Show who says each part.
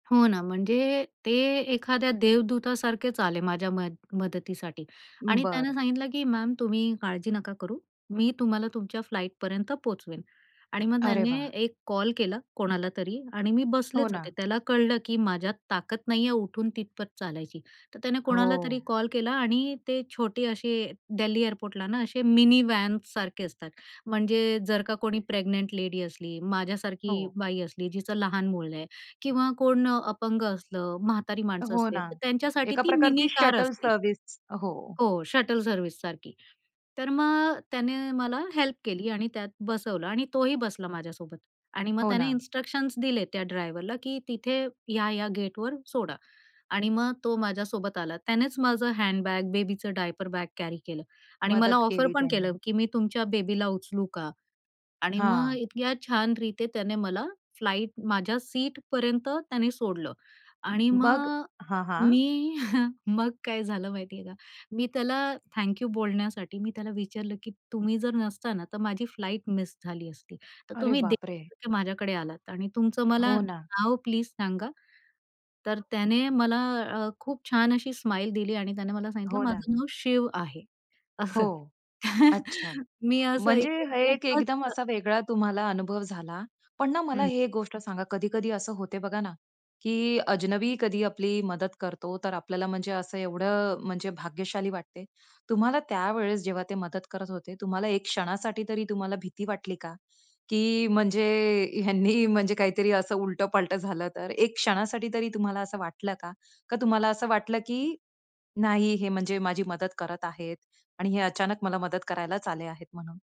Speaker 1: हो ना, म्हणजे ते एखाद्या देवदूतासारखेच आले माझ्या मद मदतीसाठी. आणि त्यानं
Speaker 2: बरं.
Speaker 1: सांगितलं की मॅम तुम्ही काळजी नका करू. मी तुम्हाला तुमच्या फ्लाइटपर्यंत पोहचवेन. आणि मग
Speaker 2: अरे
Speaker 1: त्याने
Speaker 2: वाह!
Speaker 1: एक कॉल केला कोणालातरी. आणि मी
Speaker 2: हो
Speaker 1: बसलेच होते.
Speaker 2: ना.
Speaker 1: त्याला कळलं की माझ्यात ताकद नाहीये उठून तिथपर्यंत चालायची. तर त्याने कोणालातरी
Speaker 2: हो.
Speaker 1: कॉल केला आणि ते छोटे असे दिल्ली एअरपोर्टला ना असे मिनीव्हॅनसारखे असतात. म्हणजे जर का कोणी प्रेग्नंट लेडी असली, माझ्यासारखी
Speaker 2: हो.
Speaker 1: बाई असली जिचं लहान मुल आहे किंवा कोण अ, अपंग असलं म्हातारी माणसं
Speaker 2: हो
Speaker 1: असले
Speaker 2: ना.
Speaker 1: तर त्यांच्यासाठी
Speaker 2: एका
Speaker 1: ती
Speaker 2: प्रकारची
Speaker 1: मिनीकार
Speaker 2: शटल
Speaker 1: असते.
Speaker 2: सर्व्हिस. हो.
Speaker 1: हो, शटल सर्व्हिससारखी. तर मग त्याने मला हेल्प केली. आणि त्यात बसवलं आणि तोही बसला माझ्यासोबत. आणि मग
Speaker 2: हो
Speaker 1: त्याने
Speaker 2: ना.
Speaker 1: इन्स्ट्रक्शन्स दिले त्या ड्रायव्हरला की तिथे या-या गेटवर सोडा .आणि मग तो माझ्यासोबत आला. त्यानेच माझं हँडबॅग, बेबीचं डायपर बॅग कॅरी केलं आणि मला
Speaker 2: मदत
Speaker 1: ऑफर
Speaker 2: केली
Speaker 1: पण
Speaker 2: त्यांनी.
Speaker 1: केलं की मी तुमच्या बेबीला उचलू का? आणि मग
Speaker 2: हां.
Speaker 1: इतक्या छान रीते त्याने मला फ्लाइट माझ्या सीटपर्यंत त्याने सोडलं. आणि
Speaker 2: मग
Speaker 1: मग अ,
Speaker 2: हां, हां.
Speaker 1: मी मग काय झालं माहिती आहे का? मी त्याला थँक यू बोलण्यासाठी मी त्याला विचारलं की तुम्ही जर नसत ना तर माझी फ्लाइट मिस झाली असती. तर
Speaker 2: अरे
Speaker 1: तुम्ही
Speaker 2: बापरे!
Speaker 1: देवासारखे माझ्याकडे आलात. आणि तुमचं मला
Speaker 2: हो ना.
Speaker 1: नाव प्लीज सांगा. तर त्याने मला अ, खूप छान अशी स्माईल दिली आणि त्याने मला सांगितलं.
Speaker 2: हो ना.
Speaker 1: माझं नाव शिव आहे असं.
Speaker 2: हो, अच्छा.
Speaker 1: मी असं
Speaker 2: म्हणजे
Speaker 1: ऐकून
Speaker 2: हे एक
Speaker 1: खूपच
Speaker 2: एकदम
Speaker 1: अ
Speaker 2: असा वेगळा तुम्हाला अनुभव झाला. पण ना मला
Speaker 1: हं.
Speaker 2: हे एक गोष्ट सांगा कधी-कधी असं होते बघा ना की अजनबी कधी आपली मदत करतो. तर आपल्याला म्हणजे असं एवढं म्हणजे भाग्यशाली वाटते. तुम्हाला त्यावेळेस जेव्हा ते मदत करत होते, तुम्हाला एक क्षणासाठी तरी तुम्हाला भीती वाटली का? की म्हणजे ह्यांनी म्हणजे काहीतरी असं उलट पलटं झालं तर, एक क्षणासाठी तरी तुम्हाला असं वाटलं का? का तुम्हाला असं वाटलं की, नाही हे म्हणजे माझी मदत करत आहेत आणि हे अचानक मला मदत करायलाच आले आहेत म्हणून?